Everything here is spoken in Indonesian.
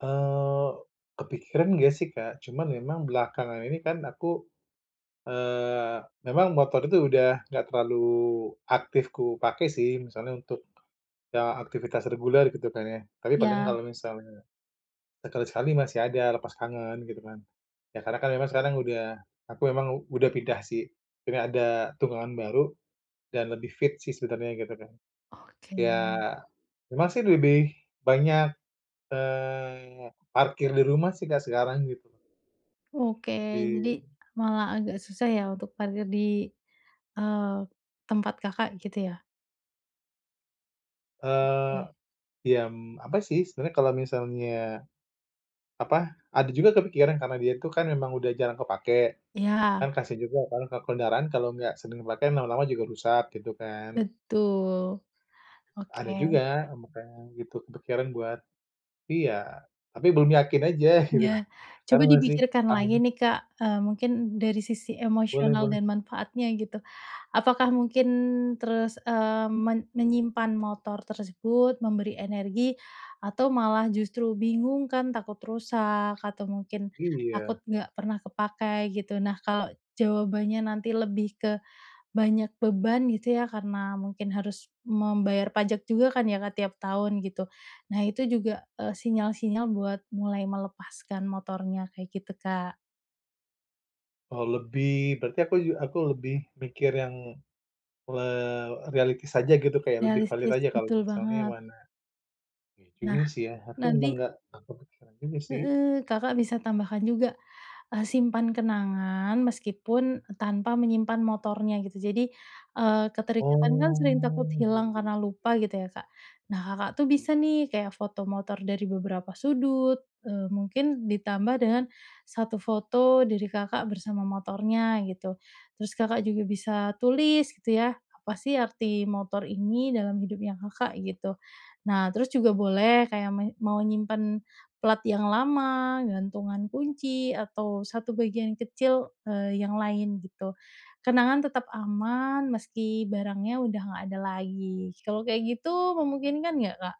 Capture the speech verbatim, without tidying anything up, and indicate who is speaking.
Speaker 1: Eee, kepikiran enggak sih Kak, cuma memang belakangan ini kan aku, eee, memang motor itu udah enggak terlalu aktif ku pakai sih, misalnya untuk, eee, aktivitas reguler gitu kan ya. Tapi paling
Speaker 2: Iya.
Speaker 1: kalau misalnya sekali-sekali masih ada lepas tangan gitu kan. Ya karena kan memang sekarang udah aku emang udah pindah sih, jadi ada tunggangan baru dan lebih fit sih sebenarnya gitu Kak.
Speaker 2: Oke.
Speaker 1: Ya memang sih lebih banyak, eee, parkir di rumah sih Kak, sekarang gitu.
Speaker 2: Oke, jadi
Speaker 1: Di
Speaker 2: malah agak susah ya untuk parkir di, eee, tempat Kakak, gitu ya?
Speaker 1: Eee,
Speaker 2: Oke.
Speaker 1: iyam, apa sih sebenarnya kalau misalnya apa, ada juga kepikiran karena dia itu kan memang udah jarang kepake,
Speaker 2: Iya.
Speaker 1: kan kasihan juga kan ke kendaraan kalau enggak sering kepake lama-lama juga rusak gitu kan.
Speaker 2: Betul.
Speaker 1: Ada
Speaker 2: Oke.
Speaker 1: juga, ama kayak yang gitu kepikiran buat iya, tapi belum yakin aja, gitu.
Speaker 2: Iya. Coba
Speaker 1: Karena masih,
Speaker 2: dipikirkan
Speaker 1: ada
Speaker 2: lagi nih Kak, eee, mungkin dari sisi
Speaker 1: Boleh
Speaker 2: emosional
Speaker 1: boleh.
Speaker 2: dan manfaatnya gitu. Apakah mungkin terus, eee, men menyimpan motor tersebut, memberi energi atau malah justru bingung kan takut rusak atau mungkin takut
Speaker 1: Iya.
Speaker 2: enggak pernah kepakai gitu? Nah kalau jawabannya nanti lebih ke banyak beban gitu ya karena mungkin harus membayar pajak juga kan ya Kak, tiap tahun gitu. Nah itu juga, eee, sinyal-sinyal buat mulai melepaskan motornya kayak gitu, Kak.
Speaker 1: Eee, lebih, berarti aku ju aku lebih mikir yang, eee, reality saja gitu kayak lebih valid
Speaker 2: Realistis,
Speaker 1: aja kalau
Speaker 2: betul
Speaker 1: misalnya
Speaker 2: banget.
Speaker 1: mana, ini
Speaker 2: Nah,
Speaker 1: sih ya, atau emang
Speaker 2: nanti
Speaker 1: enggak apa, kepikiran ini sih.
Speaker 2: Heeh, Kakak bisa tambahkan juga, eee, simpan kenangan meskipun tanpa menyimpan motornya gitu. Jadi, eee, keterikatan kan
Speaker 1: Oh,
Speaker 2: sering takut
Speaker 1: iya
Speaker 2: hilang
Speaker 1: iya,
Speaker 2: karena lupa
Speaker 1: gitu.
Speaker 2: gitu ya Kak. Nah Kakak tuh bisa nih kayak foto motor dari beberapa sudut, eee, mungkin ditambah dengan satu foto dari Kakak bersama motornya gitu. Terus Kakak juga bisa tulis gitu ya apa sih arti motor ini dalam hidupnya Kakak, gitu. Nah terus juga boleh kayak men mau nyimpen plat yang lama, gantungan kunci atau satu bagian kecil, eee, yang lain gitu. Kenangan tetep aman meski barangnya udah enggak ada lagi, kalo kayak gitu memungkinkan enggak Kak?